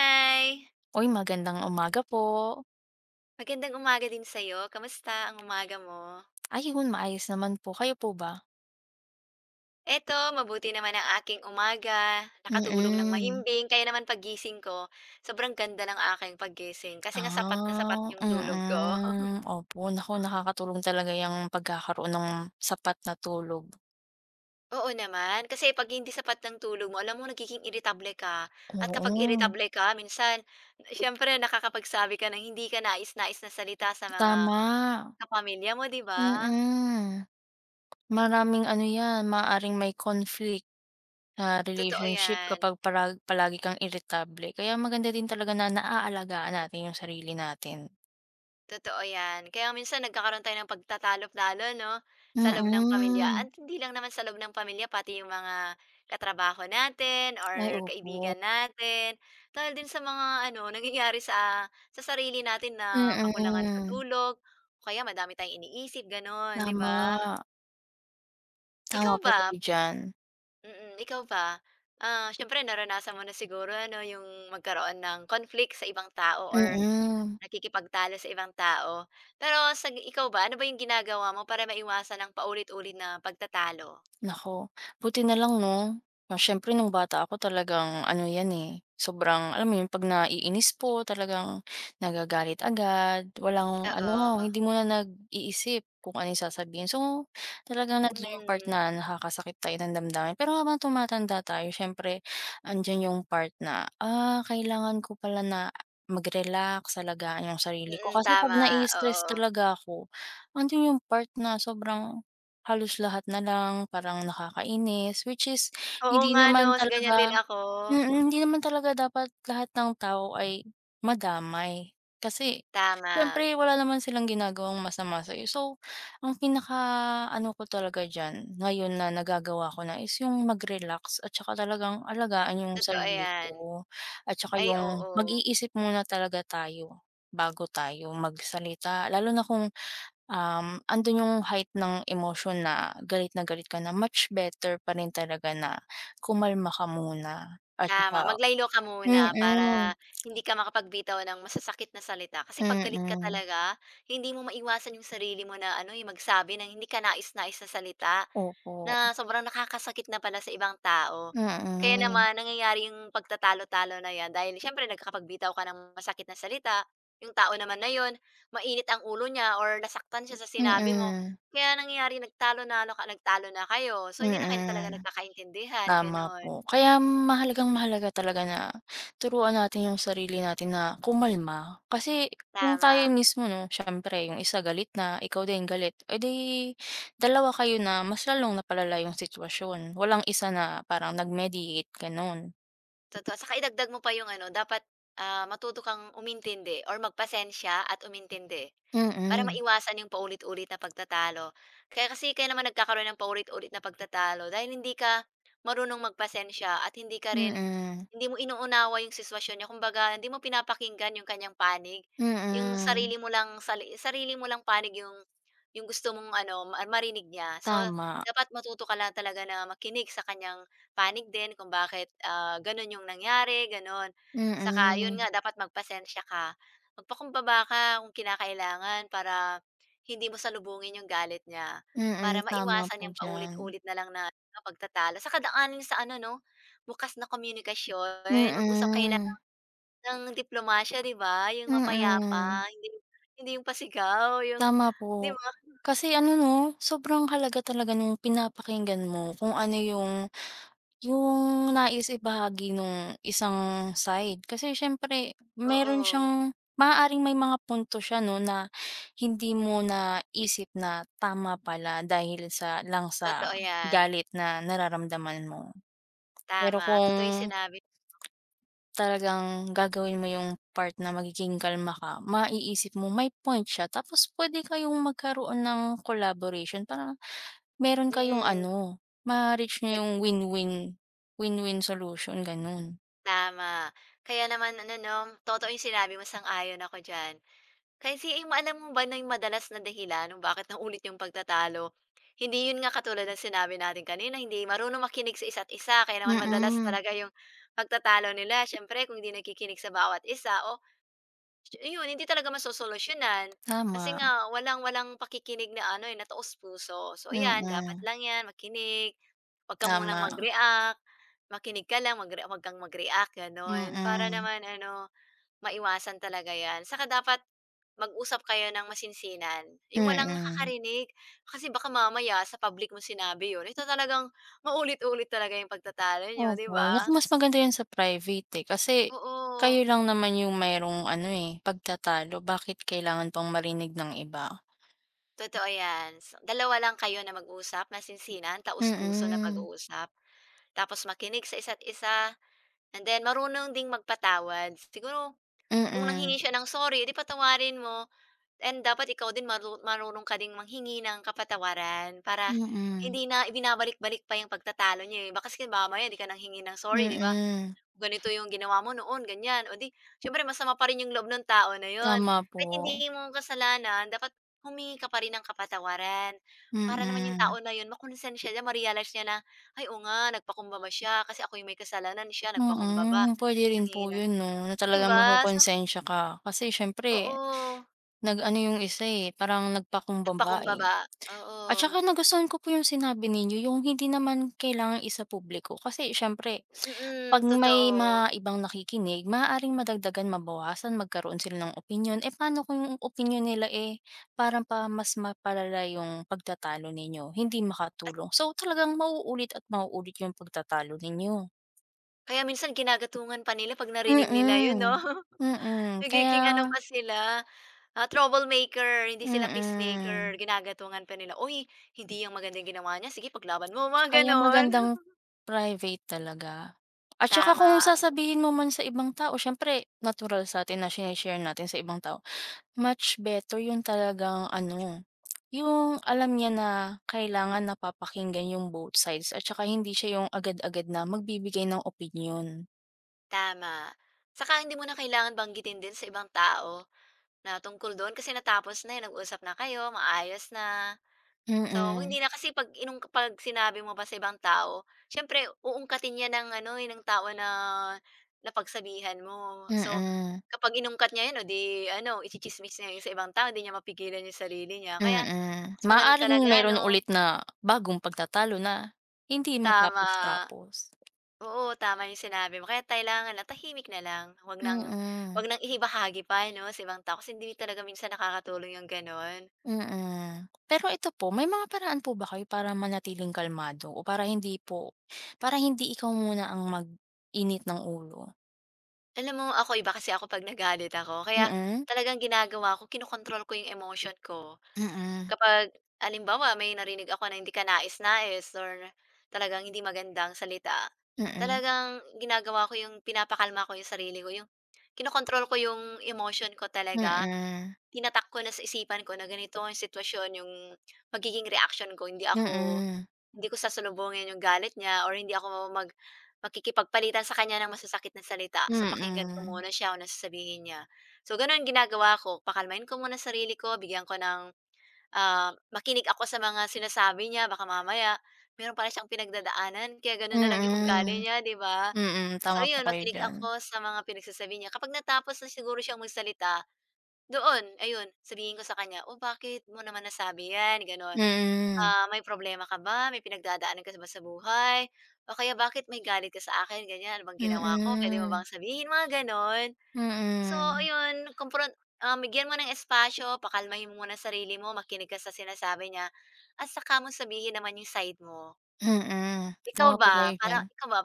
Hi! Uy, magandang umaga po! Magandang umaga din sa'yo. Kumusta ang umaga mo? Ayun, maayos naman po. Kayo po ba? Eto, mabuti naman ang aking umaga, nakatulog nang Mm. mahimbing. Kaya naman paggising ko, sobrang ganda ng aking paggising. Kasi nga, sapat na sapat Ah, 'yong tulog ko. mm, opo. Naku nakakatulong talaga 'yang pagkakaroon ng sapat na tulog. Oo naman. Kasi 'pag hindi sapat ang tulog mo, alam mo nagiging irritable ka at kapag Oo. irritable ka minsan, siyempre nakakapagsabi ka ng hindi kanais-nais na salita sa mga Tama. kapamilya mo, 'di ba? Mm. Maraming ano 'yan, maaaring may conflict, ah, Totoo relationship 'yan. kapag parag palagi kang irritable. Kaya maganda din talaga na naalagaan natin 'yung sarili natin. Totoo 'yan. Kaya minsan nagkakaroon tayo ng pagtatalo-talo 'no sa loob ng pamilya at Mm. hindi lang naman sa loob ng pamilya, pati 'yong mga katrabaho natin Ay or opo. kaibigan natin. Dahil din sa mga ano, nangyayari sa sa sarili natin na kakulangan sa Mm. tulog o kaya madami tayong iniisip gano'n, 'di ba? Tama. Ikaw Tama po ba? kayo diyan. Mm, ikaw ba? Ah, siyempre naranasan mo na siguro ano 'yong magkaroon ng conflict sa ibang tao or Mm. nakikipagtalo sa ibang tao. Pero sa ikaw ba, ano ba 'yong ginagawa mo para maiwasan ang paulit-ulit na pagtatalo? Naku, buti na lang 'no. Ah, siyempre nung bata ako talagang ano 'yan eh, sobrang alam mo 'yon 'pag naiinis po, talagang nagagalit agad. Walang ano, Oo. hindi muna nag-iisip kung ano 'yung sasabihin. So talagang nando'n 'yong part Mm. na nakakasakit tayo ng damdamin. Pero habang tumatanda tayo siyempre andiyan yung part na, ah kailangan ko pala na mag-relax, alagaan yung sarili ko, Mm, kasi 'pag tama, na-i-stress oo. talaga ako, andiyan yung part na sobrang halos lahat na lang parang nakakainis, which is Oo hindi nga naman 'no, sa ganyan din talaga ako. mm, hindi naman talaga dapat lahat ng tao ay madamay. Kasi Tama. siyempre wala naman silang ginagawang masama sa'yo, so, ang pinaka ano ko talaga diyan, ngayon na nagagawa ko na, is yung mag-relax at saka talagang alagaan yung Totoo sarili 'yan. ko at saka Ay 'yung oo. mag-iisip muna talaga tayo bago tayo magsalita. Lalo na kung, um, andun yung height ng emosyon na galit na galit ka na, much better pa rin talaga na kumalma ka muna at Tama. saka Mag-lie-low ka muna mm. para hindi ka makapagbitaw ng masasakit na salita. Kasi 'pag galit ka Mm. talaga, hindi mo maiwasan 'yong sarili mo na ano eh, magsabi ng hindi kanais-nais na salita Opo. na sobrang nakakasakit na pala sa ibang tao. Kaya Mm. naman nangyayari 'yong pagtatalo-talo na 'yan dahil siyempre nagkakapagbitaw ka ng masakit na salita, 'yong tao naman na 'yon mainit ang ulo niya or nasaktan siya sa sinabi mo. Mm. Kaya nangyayari nagtalo nalo ka, nagtalo na kayo so hindi na kayo talaga Mm. nagkakaintindihan, Tama gano'n. po, kaya mahalagang-mahalaga talaga na turuan natin 'yong sarili natin na kumalma. Kasi kung tayo Tama. mismo 'no, siyempre 'yong isa galit na, ikaw din galit, eh, di dalawa kayo na mas lalong napalala 'yong sitwasyon. Walang isa na parang nag-mediate, gano'n. Totoo. Saka idagdag mo pa 'yong ano dapat, ah, matuto kang umintindi or magpasensya at umintindi. Para Mm. maiwasan 'yong paulit-ulit na pagtatalo. Kaya kasi kaya naman nagkakaroon ng paulit-ulit na pagtatalo, dahil hindi ka marunong magpasensya at hindi ka rin Mm. hindi mo inuunawa 'yong sitwasyon nyo. Kumbaga hindi mo pinapakinggan 'yong kanyang panig. 'Yong Mm. sarili mo lang, sali sarili mo lang panig 'yong 'yong gusto mong ano ma marinig niya. So Tama. dapat matuto ka lang talaga na makinig sa kanyang panig din kung bakit ah, gano'n 'yong nangyari, gano'n. Saka 'yon Mm. nga dapat magpasensiya ka, magpakumbaba ka kung kinakailangan, para hindi mo salubungin 'yong galit niya. Mm, Para tama maiwasan po 'yang diyan. paulit-ulit na lang na ano, pagtatalo. Saka daanin sa ano 'no, bukas na komunikasyon, mag-usap kayo na Mm. lang ng diplomasiya, 'di ba. 'Yong Mm. mapayapa, hindi hindi 'yong pasigaw, 'yong Tama 'di po. ba? Kasi ano 'no, sobrang halaga talaga nung pinapakinggan mo kung ano yung yung nais ibahagi nung isang side. Kasi siyempre meron Oo. siyang maaaring may mga punto siya 'no na hindi mo naisip na tama pala, dahil sa lang sa Totoo yan. galit na nararamdaman mo. Pero Tama, totoo 'yung kung sinabi talagang gagawin mo 'yung part na magiging kalma ka, maiisip mo may point siya. Tapos pwede kayong magkaroon ng collaboration parang meron kayong Mm. ano, ma-reach n'yo Nag yung win-win win-win solution, ganun. Tama. Kaya naman ano 'no, totoo 'yong sinabi mo sang-ayon ako diyan. Kasi i ma alam mo ba na 'yong madalas na dahilan kung bakit naulit 'yong pagtatalo. Hindi, 'yon nga katulad ng sinabi natin kanina, hindi marunong makinig sa isa't isa. Kaya naman madalas Mm. talaga 'yong pagtatalo nila siyempre kung 'di nakikinig sa bawat isa o, shu iyon hindi talaga masosolusyunan. Kasi Tama. nga walang walang pakikinig na ano eh, na taos-puso. So ayan dapat Mm. lang 'yan makinig, 'wag ka munang Tama. mag-react, makinig ka lang magre-a 'wag kang mag-react gano'n. Para Mm. naman ano, maiwasan talaga 'yan. Saka dapat mag-usap kayo nang masinsinan, 'yong walang Mm. nakakarinig. Kasi baka mamaya sa public mo sinabi 'yon, ito talagang maulit-ulit talaga 'yong pagtatalo n'yo, 'di Opo. Naku ba? mas maganda 'yan sa private eh. Kasi kayo Oo. lang naman yung mayro'ng ano eh, pagtatalo, bakit kailangan pang marinig ng iba. Totoo 'yan. Dalawa lang kayo na mag-usap, masinsinan. Taos-puso na Mm. pag-uusap. Tapos makinig sa isa't-isa and then, marunong ding magpatawad. Siguro kung Mm. nanghingi siya ng sorry, eh di patawarin mo and dapat ikaw din maru marunong ka ding manghingi ng kapatawaran. Para Mm. hindi na ibinabalik-balik pa 'yong pagtatalo n'yo eh, baka kasi mamaya 'di ka nanghingi ng sorry 'di ba, Mm. ganito 'yong ginawa mo noon ganyan, o di siyempre masama pa rin 'yong loob nung tao na 'yon. Tama Kahit po. hindi mo kasalanan, dapat humingi ka pa rin ng kapatawaran. Para naman 'yung Mm. tao na 'yon makunsensya siya, ma-realize niya na, "Ay oo nga nagpakumbaba siya, kasi ako yung may kasalanan siya nagpakumbaba, Mm. Puwede rin po nanghingi ng" 'yon 'no, na 'Di talagang ba? So makokonsensya ka. Kasi siyempre Oo. nag-ano 'yong isa eh, parang nagpakumbaba eh. Nagpakumbaba, At oo. saka nagustuhan ko po 'yong sinabi ninyo. 'Yong hindi naman kailangang isa-publiko. kasi siyempre 'pag Mm, may totoo. mga ibang nakikinig maaaring madagdagan, mabawasan, magkaroon sila ng opinyon, eh paano kung opinyon nila eh, parang pa mas mapalala 'yong pagtatalo ninyo, hindi At makatulong. So talagang mauulit at mauulit 'yong pagtatalo ninyo. Kaya minsan ginagatungan pa nila 'pag narinig nila 'yon 'no. Mm, mm. Nagiging ano Kaya pa sila, ah, troublemaker, hindi sila peacemaker. Mm. Ginagatungan pa nila, "Uy hindi 'yang maganda 'yang ginawa niya, sige paglaban mo." Mga Kaya gano'n. magandang private talaga. At saka kung Tama. sasabihin mo man sa ibang tao, siyempre natural sa'tin na shini-share natin sa ibang tao. Much better 'yung talagang ano, 'yung alam niya na kailangan napapakinggan yung both sides at saka hindi siya yung agad-agad na magbibigay ng opinyon. Tama. Saka hindi mo na kailangan banggitin din sa ibang tao na tungkol do'n. Kasi natapos na eh, nag-usap na kayo, maayos na, so Mm. hindi na. Kasi 'pag inung 'pag sinabi mo pa sa ibang tao, siyempre uungkatin 'yan ng ano eh, ng tao na napagsabihan mo. So Mm. kapag inungkat niya 'yon, o di ano itsitsismis niya 'yon sa ibang tao, 'di niya mapigilan 'yong sarili niya. Kaya Mm. mas maganda Maaaring talaga meron 'no. ulit na bagong pagtatalo, na hindi Tama. matapos tapos. Oo, tama 'yong sinabi mo. Kaya kailangan na tahimik na lang. Huwag ng Mm. huwag ng ibahagi pa 'no sa ibang tao. Kasi hindi talaga minsan nakakatulong 'yong gano'n. Mm. Pero ito po, may mga paraan po ba kayo para manatiling kalmado o para hindi po para hindi ikaw muna ang mag-init ng ulo? Alam mo ako, iba kasi ako 'pag nagalit ako. Kaya Mm. talagang ginagawa ko, kino-control ko 'yong emotion ko. Mm. Kapag halimbawa may narinig ako na hindi kanais-nais or talagang hindi magandang salita, Mm. talagang ginagawa ko 'yong pinapakalma ko 'yong sarili ko, 'yong kino-control ko 'yong emotion ko talaga. Mm. Tinatak ko na sa isipan ko na ganito 'yong sitwasyon 'yong magiging reaksyon ko, hindi ako Mm. hindi ko sasalubungin 'yong galit niya or hindi ako mag makikipagpalitan sa kanya ng masasakit na salita. So pakinggan ko Mm. muna siya kung ano sasabihin niya. So gano'n ginagawa ko, pakalmain ko muna sarili ko, bigyan ko ng ah, makinig ako sa mga sinasabi niya, baka mamaya mayro'n pala siyang pinagdadaanan kaya gano'n na lang 'yong ugali Mm. niya, 'di ba. Mm. So Tama po 'yon kayo makinig diyan. ako sa mga pinagsasabi niya. Kapag natapos na siguro siyang magsalita, doon ayun, sabihin ko sa kanya, o bakit mo naman nasabi yan gano'n. Mm. Ah, may problema ka ba, may pinagdadaanan ka ba sa buhay o kaya bakit may galit ka sa akin ganyan, ano bang ginawa ko, puwede mo Mm. bang sabihin, mga gano'n. So Mm. ayon kompron um bigyan mo ng espasyo, pakalmahin mo muna sarili mo, makinig ka sa sinasabi niya at saka mo sabihin naman 'yong side mo. Mm. Ikaw Tama po ba, kayo parang diyan. ikaw ba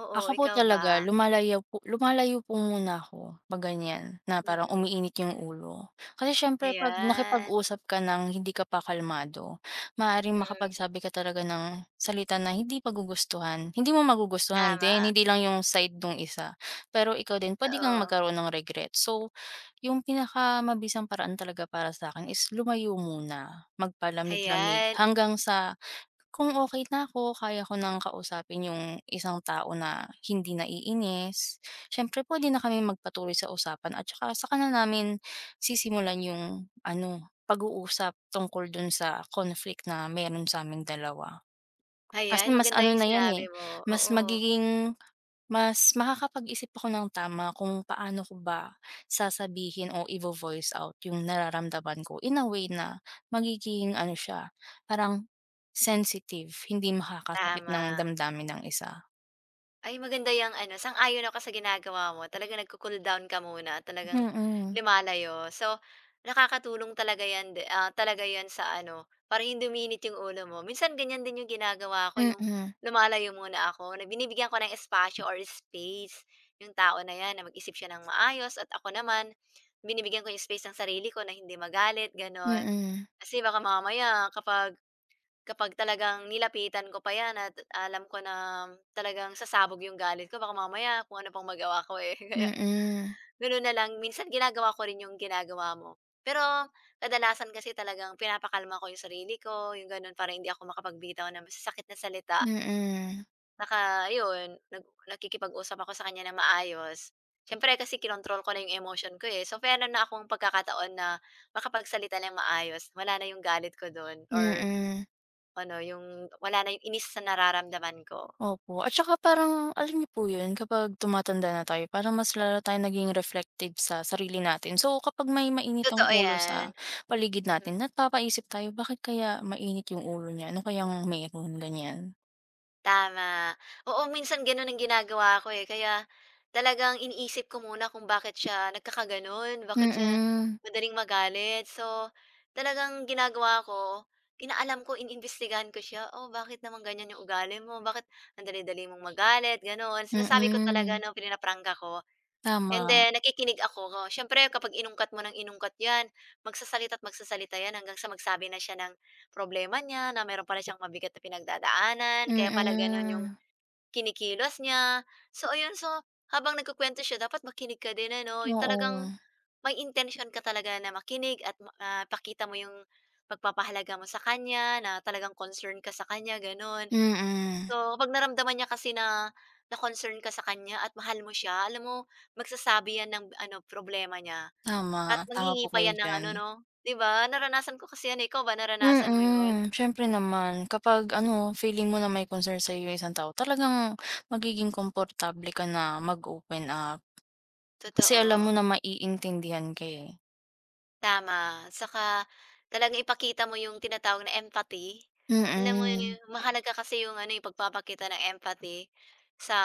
oo, Ako po ikaw talaga ba? lumalayo po lumalayo po muna ako 'pag ganyan, na parang Mm. umiinit 'yong ulo. Kasi siyempre 'pag Ayan. nakipag-usap ka ng hindi ka pa kalmado, maaaring Mm. makapagsabi ka talaga ng salita na hindi magugustuhan, hindi mo magugustuhan din, Tama. hindi lang 'yong side no'ng isa. Pero ikaw din pwede kang Oo. magkaroon ng regrets. So, yung pinakamabisang paraan talaga para sa'kin is lumayo muna, magpalamig-lamig, Hayan. hanggang sa kung okey na ako, kaya ko ng kausapin yung isang tao na hindi naiinis, siyempre pwede na kaming magpatuloy sa usapan. At saka, saka na namin sisimulan yung ano pag-uusap tungkol dun sa conflict na meron sa'ming dalawa. Kasi Hayan. mas Maganda ano 'yong na yan eh, sinabi mo, mas oo. magiging, mas makakapag-isip ako ng tama kung paano ko ba sasabihin o ivo-voice out yung nararamdaman ko, in a way na magiging ano siya parang sensitive, hindi makakasakit ng Tama. damdamin ng isa. Ay maganda yang ano, sang-ayon ako sa ginagawa mo. Talagang nagco-cool down ka muna, talagang Mm. lumalayo. So nakakatulong talaga 'yan de ah, talaga 'yan sa ano para hindi uminit 'yong ulo mo. Minsan ganyan din 'yong ginagawa ko 'yong Mm. lumalayo muna ako, na binibigyan ko ng espasyo or space 'yong tao na 'yan na mag-isip siya nang maayos at ako naman, binibigyan ko 'yong space ang sarili ko na hindi magalit gano'n. Mm. Kasi baka mamaya kapag kapag talagang nilapitan ko pa yan at alam ko na talagang sasabog yung galit ko, baka mamaya kung ano pang magawa ko eh. Kaya Mm. ganun na lang, minsan ginagawa ko rin yung ginagawa mo. Pero kadalasan kasi talagang pinapakalma ko yung sarili ko, yung ganun. Para hindi ako makapagbitaw ng masasakit na salita. Mm. Saka ayon nag nakikipag-usap ako sa kanya nang maayos. Siyempre kasi kinontrol ko na 'yong emotion ko eh. So meron na akong pagkakataon na makapagsalita nang maayos, wala na 'yong galit ko do'n or Mm. ano 'yong wala na 'yong inis sa nararamdaman ko. Opo. At saka parang alam niyo po yun, kapag tumatanda na tayo parang mas lalo tayong naging reflective sa sarili natin. So, kapag may mainit ang Totoo ulo 'yan. sa paligid Mhm. natin napapaisip tayo, bakit kaya mainit yung ulo niya? Ano kayang meron, ganyan. Tama. Oo minsan gano'n ang ginagawa ko eh, kaya talagang iniisip ko muna kung bakit siya nagkakagano'n, bakit siya Mm. madaling magalit. So talagang ginagawa ko, inaalam ko, ini-imbestigahan ko siya, o bakit naman ganyan 'yong ugali mo, bakit ang dali-dali mong magalit gano'n. Sinasabi ko talaga Mm. 'no, prinaprangka ko. And Tama. then, nakikinig ako. Siyempre kapag inungkat mo ng inungkat 'yan magsasalita at magsasalita 'yan hanggang sa magsabi na siya ng problema niya na mayro'n pala siyang mabigat na pinagdadaanan, kaya pala gano'n 'yong Mm. kinikilos niya. So ayon, so, habang nagkukuwento siya dapat makinig ka din ano, 'yong Oo. talagang may intensyon ka talaga na makinig at ma ah, pakita mo 'yong pagpapahalaga mo sa kanya na talagang concern ka sa kanya gano'n. Mm. So kapag naramdaman niya kasi na na-concern ka sa kanya at mahal mo siya, alam mo magsasabi yan ng ano, problema niya at Tama, tama po nanghihingi pa kayo 'yan ng ano diyan. 'no, 'di ba. Naranasan ko kasi yan eh, ikaw ba naranasan mo 'yon? Mm, siyempre naman. Kapag ano feeling mo na may concern sa'yo yung isang tao, talagang magiging komportable ka na mag open-up. Kasi alam mo Totoo. na maiintindihan ka eh. Tama. Saka talagang ipakita mo 'yong tinatawag na empathy, alam mo 'yon. Mm. Mahalaga ka kasi 'yong ano eh, pagpapakita ng empathy sa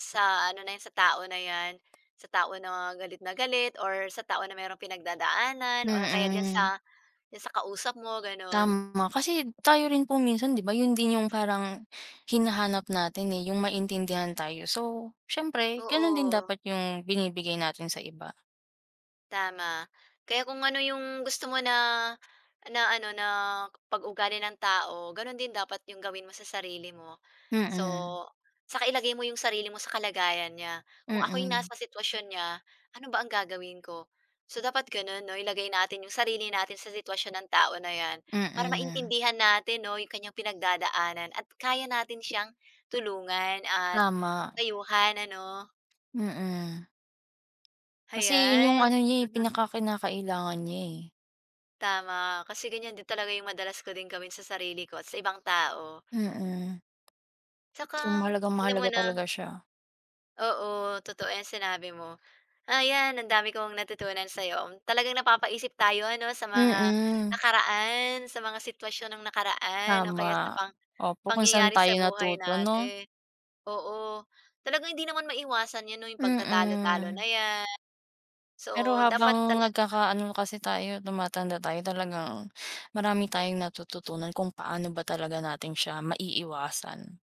sa ano na 'yan, sa tao na 'yan, sa tao na galit na galit or sa tao na mayrong pinagdadaanan o kaya diyan Mm. sa diyan sa kausap mo gano'n. Tama. Kasi tayo rin po minsan 'di ba yun din yung parang hinahanap natin eh, yung maintindihan tayo. So siyempre ganun din Oo. dapat yung binibigay natin sa iba. Tama. Kaya kung ano 'yong gusto mo na na ano na pag ugali ng tao, gano'n din dapat 'yong gawin mo sa sarili mo. So, Mm. saka ilagay mo 'yong sarili mo sa kalagayan niya, kung ako'y Mm. nasa sitwasyon niya, ano ba ang gagawin ko? So dapat gano'n 'no, ilagay natin 'yong sarili natin sa sitwasyon ng tao na 'yan, para Mm. maintindihan natin 'no 'yong kanyang pinagdadaanan at kaya natin siyang tulungan at Tama. payuhan ano. Mm. Kasi yun 'yong Hayan, ano niya eh, mhm. pinakakinakailangan niya eh. Tama, kasi ganyan din talaga yung madalas ko ding gawin sa sarili ko, at sa ibang tao. Mm. Tsaka, Kung mahalagang hindi mo mahalaga na talaga siya. Oo, totoo 'yan sinabi mo. Ah, 'yan, ang dami kong natutunan sa 'yo. Talagang napapaisip tayo 'no, sa mga Mm. nakaraan, sa mga sitwasyon ng nakaraan, o kaya sa Tama. pang Opo, kung saan pangyayari tayo sa buhay natuto, 'no? natin. Oo. Talagang hindi naman maiwasan 'yan 'no, 'yong pagtatalo-talo Mm. na 'yan. Pero So dapat habang talaga nagkaka ano kasi tayo, tumatanda tayo, talagang, marami tayong natututunan kung paano ba talaga natin siya maiiwasan.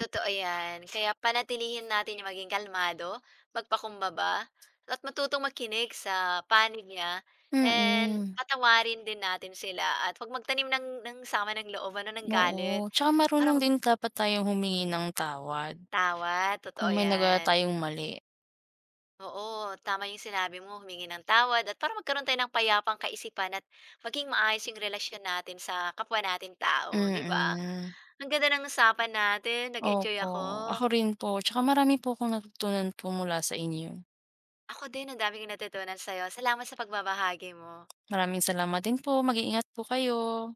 Totoo 'yan, kaya panatilihin natin maging kalmado, magpakumbaba, at matutong makinig sa panig niya and Mm. patawarin din natin sila at 'wag magtanim ng ng sama ng loob ano, ng galit. Oo. Tsaka Para marunong mag din dapat tayong humingi ng tawad. Tama, totoo Kung may nagawa 'yan. tayong mali. Oo, tama 'yong sinabi mo, humingi ng tawad at para magkaroon tayo ng payapang kaisipan at maging maayos 'yong relasyon natin sa kapwa natin tao, 'di ba? Mm. Ang ganda ng usapan natin, nag-enjoy Opo. ako. Ako rin po. Tsaka marami po kong natutunan po mula sa inyo. Ako din, ang dami kong natutunan sa'yo. Salamat sa pagbabahagi mo. Maraming salamat din po, mag-iingat po kayo.